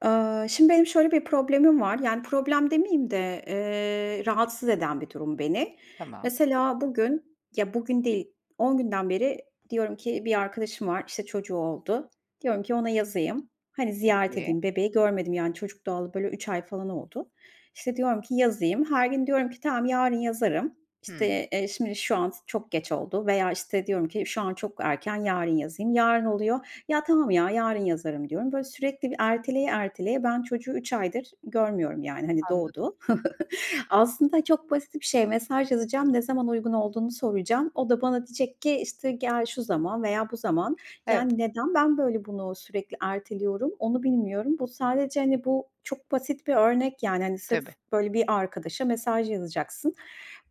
Aaa, şimdi, benim şöyle bir problemim var. Yani, problem demeyeyim de, eee, rahatsız eden bir durum beni. Tamam. Mesela bugün ya, bugün değil, 10 günden beri diyorum ki bir arkadaşım var, işte, çocuğu oldu. Diyorum ki ona yazayım. Hani, ziyaret Peki. edeyim bebeği görmedim, yani, çocuk doğalı, böyle, 3 ay falan oldu. İşte, diyorum ki yazayım. Her gün diyorum ki: "Tamam, yarın yazarım, Hımm. işte, eee, şimdi şu an s çok geç oldu." veya, işte, diyorum ki: "Şu an çok erken, yarın yazayım." Yarın oluyor, "Ya, tamam ya, yarın yazarım." diyorum. Böyle, sürekli bir erteleye erteleye ben çocuğu 3 aydır görmüyorum, yani, hani, Anladım. doğdu. Aslında çok basit bir şey. Mesaj yazacağım, ne zaman uygun olduğunu soracağım. O da bana diyecek ki, işte, "Gel, şu zaman veya bu zaman." Evet. yani, neden ben, böyle, bunu sürekli erteliyorum, onu bilmiyorum. Bu sadece, hani, bu çok basit bir örnek, yani, hani, sırf, Tabii. böyle, bir arkadaşa mesaj yazacaksın.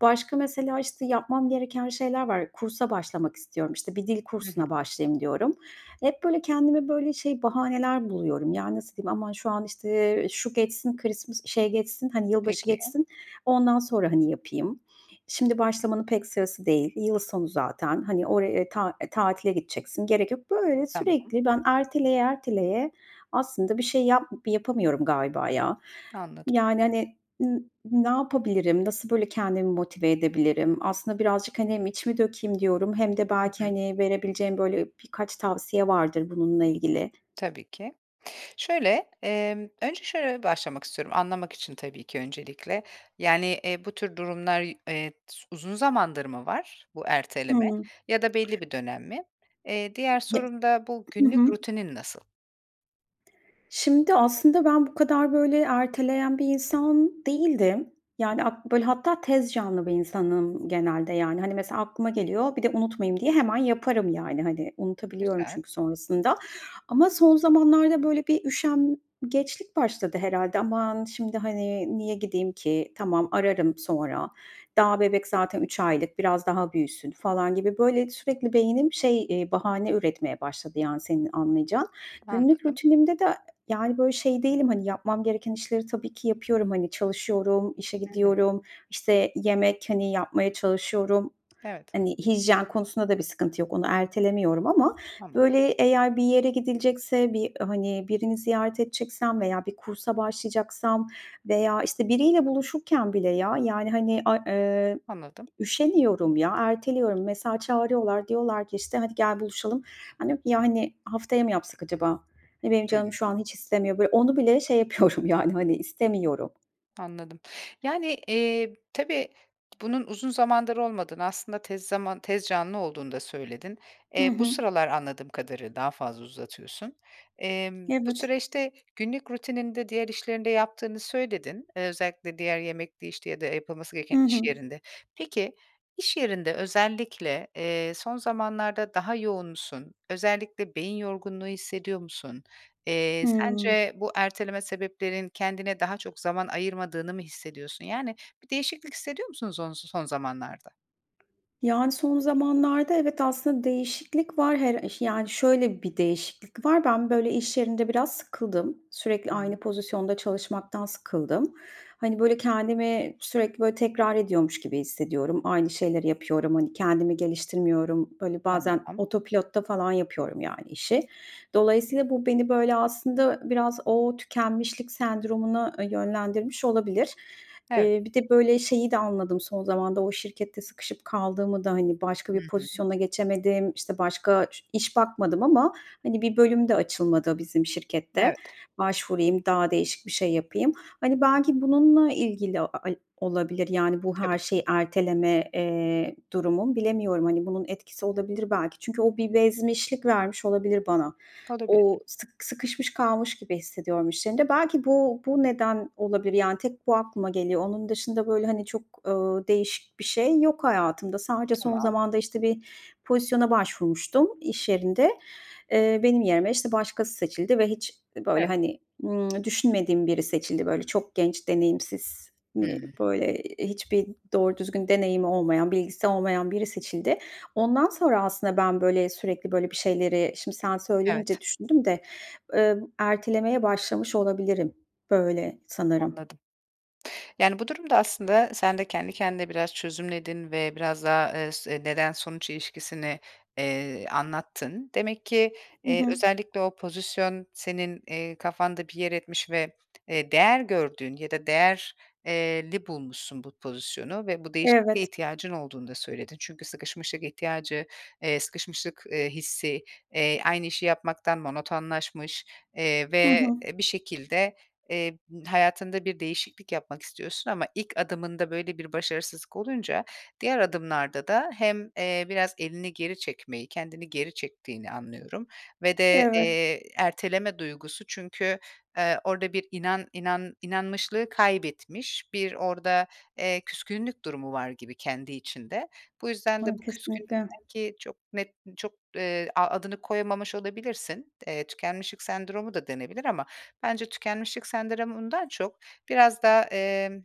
Başka mesela, işte, yapmam gereken şeyler var. Kursa başlamak istiyorum. İşte, bir dil Hı hı. kursuna başlayayım diyorum. Hep, böyle, kendime, böyle, şey bahaneler buluyorum. Yani, nasıl diyeyim, "Aman şu an, işte, eee, şu geçsin, Christmas şey, geçsin, hani, yılbaşı Peki. geçsin, ondan sonra, hani, yapayım. Şimdi başlamanın pek sırası değil. Yıl sonu zaten. Hani, oraya, ta eee, tatile gideceksin, gerek yok." Böyle Tamam. sürekli ben erteleye erteleye aslında bir şey yap yapamıyorum galiba ya. Anladım. Yani, hani, ııı, ne yapabilirim? Nasıl, böyle, kendimi motive edebilirim? Aslında birazcık, hani, hem içimi dökeyim diyorum hem de Hı belki, hı. hani, verebileceğin, böyle, birkaç tavsiye vardır bununla ilgili. Tabii ki. Şöyle, emm, önce şöyle başlamak istiyorum anlamak için tabii ki öncelikle, yani, eee, bu tür durumlar, eee, s uzun zamandır mı var bu erteleme Hıı. ya da belli bir dönem mi? Eee, diğer Ye sorum da bu Hı günlük hı. rutinin nasıl? Şimdi, aslında ben bu kadar, böyle, erteleyen bir insan değildim, yani, at böyle, hatta tez canlı bir insanım genelde, yani, hani, mesela, aklıma geliyor. Bir de unutmayayım diye hemen yaparım, yani, hani, unutabiliyorum Güzel. çünkü sonrasında ama son zamanlarda, böyle, bir üşengeçlik başladı herhâlde. "Aman, şimdi, hani, niye gideyim ki? Tamam, ararım sonra. Daha bebek zaten 3 aylık, biraz daha büyüsün." falan gibi, böyle, sürekli beynim, şey, eee, bahane üretmeye başladı, yani, senin anlayacağın. Günlük Anladım. rutinimde de, yani, böyle, şey değilim, hani, yapmam gereken işleri tabii ki yapıyorum. Hani, çalışıyorum, işe Hı hı. gidiyorum, işte, yemek, hani, yapmaya çalışıyorum, Evet. hani, hijyen konusunda da bir sıkıntı yok. Onu ertelemiyorum ama, Tamam. böyle, eğer bir yere gidilecekse, bir, hani, birini ziyaret edeceksem veya bir kursa başlayacaksam veya, işte, biriyle buluşurken bile ya, yani, hani, ay eee, Anladım. üşeniyorum ya. Erteliyorum. Mesela, çağırıyorlar, diyorlar ki, işte, "Hadi, gel buluşalım." "Hani, yani, haftaya mı yapsak acaba? Hani, benim canım Hımm. şu an hiç istemiyor." Böyle, onu bile şey yapıyorum yani, hani, istemiyorum. Anladım. Yani, eee, tabii, bunun uzun zamandır olmadığını aslında tez zaman tez canlı olduğunu da söyledin. Hı Eee, bu hı. sıralar anladığım kadarı daha fazla uzatıyorsun. Emm, bu Evet. süreçte günlük rutininde diğer işlerini de yaptığını söyledin. Eee, özellikle diğer yemekti, işte, ya da yapılması Hı gereken iş hı. yerinde. Peki, iş yerinde özellikle, eee, son zamanlarda daha yoğun musun? Özellikle beyin yorgunluğu hissediyor musun? Eee, Hımm. sence bu erteleme sebeplerinin kendine daha çok zaman ayırmadığını mı hissediyorsun, yani, bir değişiklik hissediyor musun sonsu son zamanlarda? Yani, son zamanlarda evet, aslında değişiklik var her iş yani, şöyle bir değişiklik var. Ben, böyle, iş yerinde biraz sıkıldım. Sürekli Hıı. aynı pozisyonda çalışmaktan sıkıldım. Hani, böyle, kendimi sürekli, böyle, tekrar ediyormuş gibi hissediyorum. Aynı şeyleri yapıyorum. Hani, kendimi geliştirmiyorum. Böyle, bazen Tamam. oto pilotta falan yapıyorum, yani, işi. Dolayısıyla bu beni, böyle, aslında biraz o tükenmişlik sendromuna, ııı, yönlendirmiş olabilir. Evet. Eee, bir de, böyle, şeyi de anladım son zamanda, o şirkette sıkışıp kaldığımı da, hani, başka Hı bir hı. pozisyona geçemedim, işte, başka ş iş bakmadım ama, hani, bir bölüm de açılmadı bizim şirkette. Evet. Başvurayım, daha değişik bir şey yapayım. Hani, belki bununla ilgili a ay olabilir, yani, bu her Tabii. şeyi erteleme, eee, durumum. Bilemiyorum, hani, bunun etkisi olabilir belki. Çünkü o bir bezmişlik vermiş olabilir bana. O Olabilir. sık sıkışmış kalmış gibi hissediyorum iş yerinde. Belki bu bu neden olabilir, yani, tek bu aklıma geliyor. Onun dışında, böyle, hani çok, ııı, değişik bir şey yok hayatımda. Sadece son Tamam. zamanda, işte, bir pozisyona başvurmuştum iş yerinde. Eee, benim yerime, işte, başkası seçildi ve hiç, böyle, Evet. hani, ımm, düşünmediğim biri seçildi. Böyle, çok genç, deneyimsiz, hani, Hıı. böyle, hiçbir doğru düzgün deneyimi olmayan, bilgisi olmayan biri seçildi. Ondan sonra aslında ben, böyle, sürekli böyle bir şeyleri, şimdi sen Evet. söyleyince düşündüm de, eee, ertelemeye başlamış olabilirim böyle sanırım. Anladım. Yani, bu durumda aslında sen de kendi kendine biraz çözümledin ve biraz daha, eee, s neden-sonuç ilişkisini, eee, anlattın. Demek ki, Hı eee, hı. özellikle o pozisyon senin, eee, kafanda bir yer etmiş ve, eee, değer gördüğün ya da değer eee, li bulmuşsun bu pozisyonu ve bu değişikliğe Evet. ihtiyacın olduğunu da söyledin. Çünkü sıkışmışlık ihtiyacı eee, sıkışmışlık, eee, hissi, eee, aynı işi yapmaktan monotonlaşmış, eee, Hı ve hı. e, bir şekilde, eee, hayatında bir değişiklik yapmak istiyorsun ama ilk adımında böyle bir başarısızlık olunca diğer adımlarda da hem, eee, biraz elini geri çekmeyi, kendini geri çektiğini anlıyorum ve de, Evet. eee, erteleme duygusu çünkü eee, orada bir inan inan inanmışlığı kaybetmiş, bir orada, eee, küskünlük durumu var gibi kendi içinde. Bu yüzden de Hıı, bu küskünlük kesinlikle. belki çok net, çok, eee, a adını koyamamış olabilirsin. Eee, tükenmişlik sendromu da denebilir ama bence tükenmişlik sendromundan çok biraz daha, emm,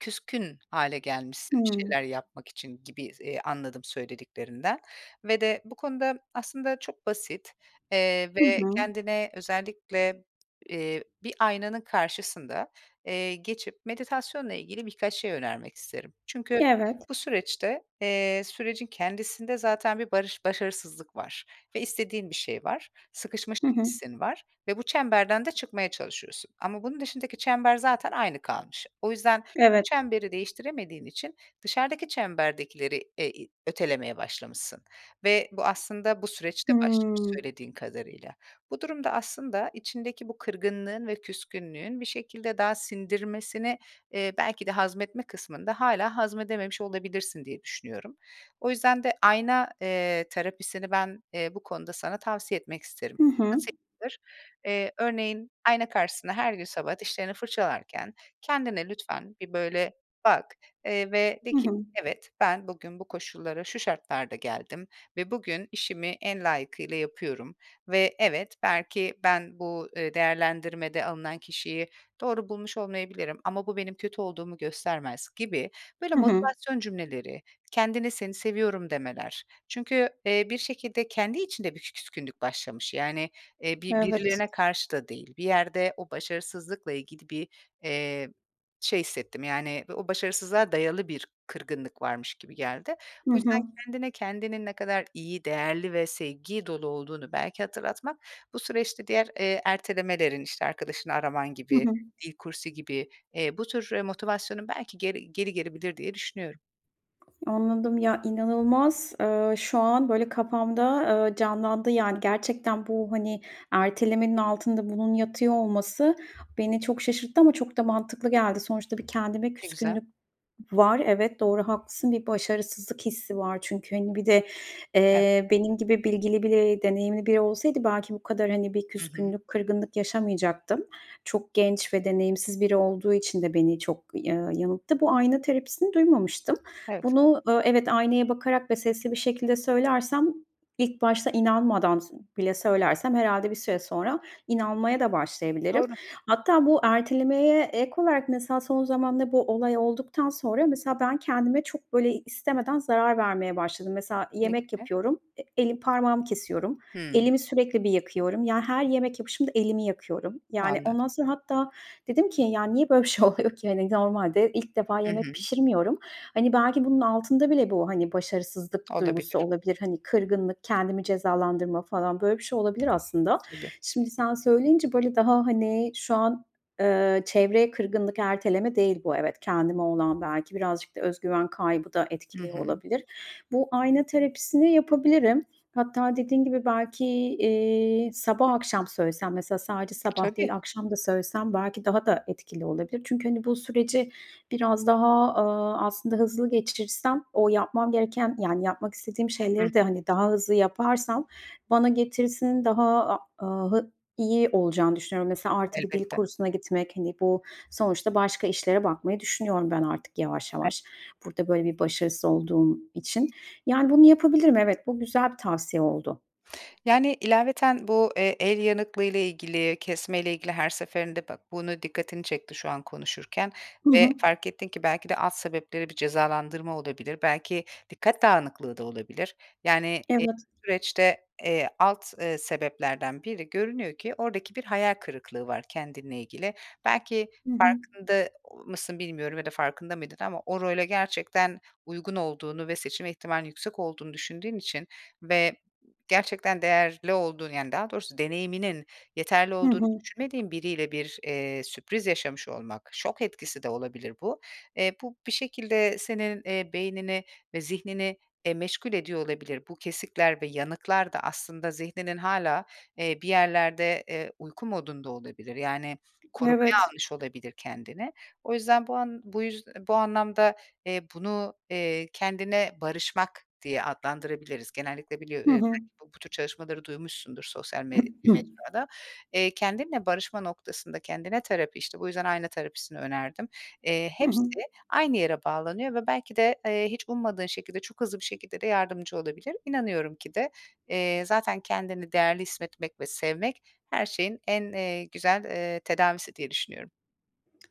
küskün hâle gelmişsin bir Hıı. şeyler yapmak için gibi s eee, anladım söylediklerinden ve de bu konuda aslında çok basit, eee, Hı ve hı. kendine özellikle, eee, bir aynanın karşısında, eee, geçip meditasyonla ilgili birkaç şey önermek isterim. Çünkü Evet. bu süreçte, eee, sürecin kendisinde zaten bir barış başarısızlık var ve istediğin bir şey var. Hı Sıkışmışlık hı. hissin var ve bu çemberden de çıkmaya çalışıyorsun ama bunun dışındaki çember zaten aynı kalmış. O yüzden Evet. çemberi değiştiremediğin için dışarıdaki çemberdekileri e i ötelemeye başlamışsın ve bu aslında bu süreçte başlamış Hımm. söylediğin kadarıyla. Bu durumda aslında içindeki bu kırgınlığın ve küskünlüğün bir şekilde daha sindirmesini, eee, belki de hazmetme kısmında hâlâ hazmedememiş olabilirsin diye düşünüyorum. O yüzden de ayna, eee, terapisini ben, eee, bu konuda sana tavsiye etmek isterim. Hı hı. Nasıl yapılır? Eee, örneğin, ayna karşısında her gün sabah dişlerini fırçalarken kendine lütfen bir, böyle, bak, eee, ve de Hı ki: hı. "Evet, ben bugün bu koşullara şu şartlarda geldim ve bugün işimi en layıkıyla yapıyorum ve evet, belki ben bu, eee, değerlendirmede alınan kişiyi doğru bulmuş olmayabilirim ama bu benim kötü olduğumu göstermez." gibi böyle Hı hı. motivasyon cümleleri, kendine, "Seni seviyorum." demeler. Çünkü, eee, bir şekilde kendi içinde bir küskünlük başlamış, yani, eee, bi Evet. birilerine karşı da değil. Bir yerde o başarısızlıkla ilgili bir, eee, şey hissettim, yani, o başarısızlığa dayalı bir kırgınlık varmış gibi geldi. Hı Bu yüzden hı. kendine kendinin ne kadar iyi, değerli ve sevgi dolu olduğunu belki hatırlatmak, bu süreçte diğer, eee, ertelemelerin, işte, arkadaşını araman Hı gibi, hı. dil kursu gibi, eee, bu tür, eee, motivasyonun belki geri geri gelebilir diye düşünüyorum. Anladım. Ya, inanılmaz, eee, şu an, böyle, kafamda, eee, canlandı, yani, gerçekten bu, hani, ertelemenin altında bunun yatıyor olması beni çok şaşırttı ama çok da mantıklı geldi. Sonuçta bir kendime Ne güzel. küskünlük var. Evet, doğru, haklısın. Bir başarısızlık hissi var çünkü, hani, bir de, Evet. eee, benim gibi bilgili biri, deneyimli biri olsaydı belki bu kadar, hani, bir Hı hı. küskünlük, kırgınlık yaşamayacaktım. Çok genç ve deneyimsiz biri olduğu için de beni çok ya yanılttı. Bu ayna terapisini duymamıştım. Evet. Bunu, ııı, evet, aynaya bakarak ve sesli bir şekilde söylersem ilk başta inanmadan bile söylersem herhâlde bir süre sonra inanmaya da başlayabilirim. Doğru. Hatta bu ertelemeye ek olarak mesela son zamanda bu olay olduktan sonra mesela ben kendime çok, böyle, istemeden zarar vermeye başladım. Mesela Ne yemek gibi? yapıyorum, e elim parmağımı kesiyorum, Hımm. elimi sürekli bir yakıyorum, yani, her yemek yapışımda elimi yakıyorum, yani, Anladım. ondan sonra hatta dedim ki: "Ya, niye böyle bir şey oluyor ki?" hani, normalde ilk defa Hı yemek hı. pişirmiyorum. Hani, belki bunun altında bile bu, hani, başarısızlık duygusu Olabilir. olabilir, hani, kırgınlık, kendimi cezalandırma falan, böyle bir şey olabilir aslında. Tabii. Şimdi sen söyleyince, böyle, daha, hani, şu an, eee, çevreye kırgınlık Erteleme değil bu evet, kendime olan belki, birazcık da öz güven kaybı da Hı etkili hı. olabilir. Bu ayna terapisini yapabilirim. Hatta dediğin gibi belki, eee, sabah, akşam söylesem, mesela sadece sabah değil Tabii. akşam da söylesem belki daha da etkili olabilir. Çünkü, hani, bu süreci biraz daha, aaa, aslında hızlı geçirsem o yapmam gereken, yani, yapmak istediğim Hı hı. şeyleri de, hani, daha hızlı yaparsam bana getirisinin daha, a aaa, hı iyi olacağını düşünüyorum. Mesela artı bir dil Elbette. kursuna gitmek, hani, bu sonuçta başka işlere bakmayı düşünüyorum ben artık yavaş E yavaş. Burada, böyle, bir başarısız olduğum için. Yani, bunu yapabilirim evet. Bu güzel bir tavsiye oldu. Yani, ilaveten bu, eee, el yanıklığıyla ilgili, kesmeyle ilgili her seferinde ba bunu dikkatini çekti şu an konuşurken Hı ve hı. fark ettin ki belki de alt sebepleri bir cezalandırma olabilir, belki dikkat dağınıklığı da olabilir. Yani, eee Evet. süreçte, eee, alt, eee, sebeplerden biri görünüyor ki oradaki bir hayal kırıklığı var kendinle ilgili. Belki Hı hı. farkında mısın bilmiyorum ya da farkında mıydın ama o role gerçekten uygun olduğunu ve seçim ihtimalinin yüksek olduğunu düşündüğün için ve gerçekten değerli olduğunu yani, daha doğrusu deneyiminin yeterli Hı olduğunu hı. düşünmediğin biriyle bir, eee, sürpriz yaşamış olmak, şok etkisi de olabilir bu. Eee, bu bir şekilde senin, eee, beynini ve zihnini, eee, meşgul ediyor olabilir. Bu kesikler ve yanıklar da aslında zihninin hâlâ, eee, bir yerlerde, eee, uyku modunda olabilir. Yani, korumaya Evet. almış olabilir kendini. O yüzden bu an bu yüz bu anlamda, eee, bunu, eee, kendine barışmak diye adlandırabiliriz. Genellikle biliyo eee, Hı belki hı. bu bu tür çalışmaları duymuşsundur sosyal m [unintelligible] mecrada. Eee, kendinle barışma noktasında kendine terapi işte bu yüzden ayna terapisini önerdim, eee, Hı hepsi hı. aynı yere bağlanıyor ve belki de, eee, hiç ummadığın şekilde, çok hızlı bir şekilde de yardımcı olabilir. İnanıyorum ki de, eee, zaten kendini değerli hissetmek ve sevmek her şeyin en, eee, güzel, eee, tedavisi diye düşünüyorum.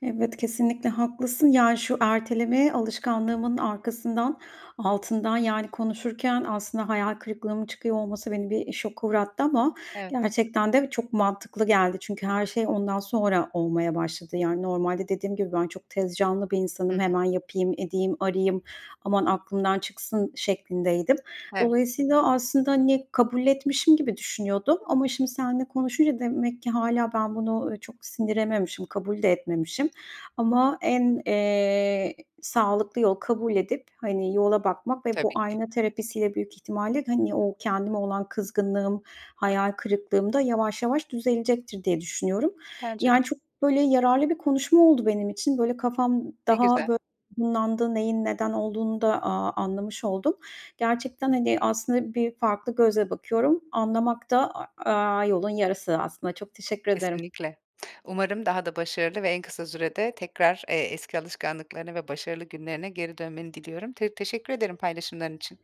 Evet, kesinlikle haklısın. Yani, şu ertelemeye alışkanlığımın arkasından, altından, yani, konuşurken aslında hayal kırıklığımın çıkıyor olması beni bir şoka uğrattı ama Evet. gerçekten de çok mantıklı geldi. Çünkü her şey ondan sonra olmaya başladı. Yani, normalde dediğim gibi ben çok tez canlı bir Hı insanım, hı. "Hemen yapayım, edeyim, arayayım, aman aklımdan çıksın." şeklindeydim. Evet. Dolayısıyla aslında, hani, kabul etmişim gibi düşünüyordum ama şimdi senle konuşunca demek ki hâlâ ben bunu, eee, çok sindirememişim, kabul de etmemişim ama en, eee, sağlıklı yol kabul edip, hani, yola bakmak ve bu Tabii ki. ayna terapisiyle büyük ihtimalle, hani, o kendime olan kızgınlığım, hayal kırıklığım da yavaş yavaş düzelecektir diye düşünüyorum. Bence de. Yani, çok, böyle, yararlı bir konuşma oldu benim için. Böyle, kafam Ne daha, güzel. bö [unintelligible] neyin neden olduğunu da, aaa, anlamış oldum. Gerçekten, hani, aslında bir farklı gözle bakıyorum. Anlamak da a aaa, yolun yarısı aslında. Çok teşekkür ederim. Kesinlikle. Umarım daha da başarılı ve en kısa sürede tekrar, eee, eski alışkanlıklarına ve başarılı günlerine geri dönmeni diliyorum. T teşekkür ederim paylaşımların için.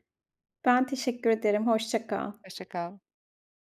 Ben teşekkür ederim, hoşça kal. Hoşça kal.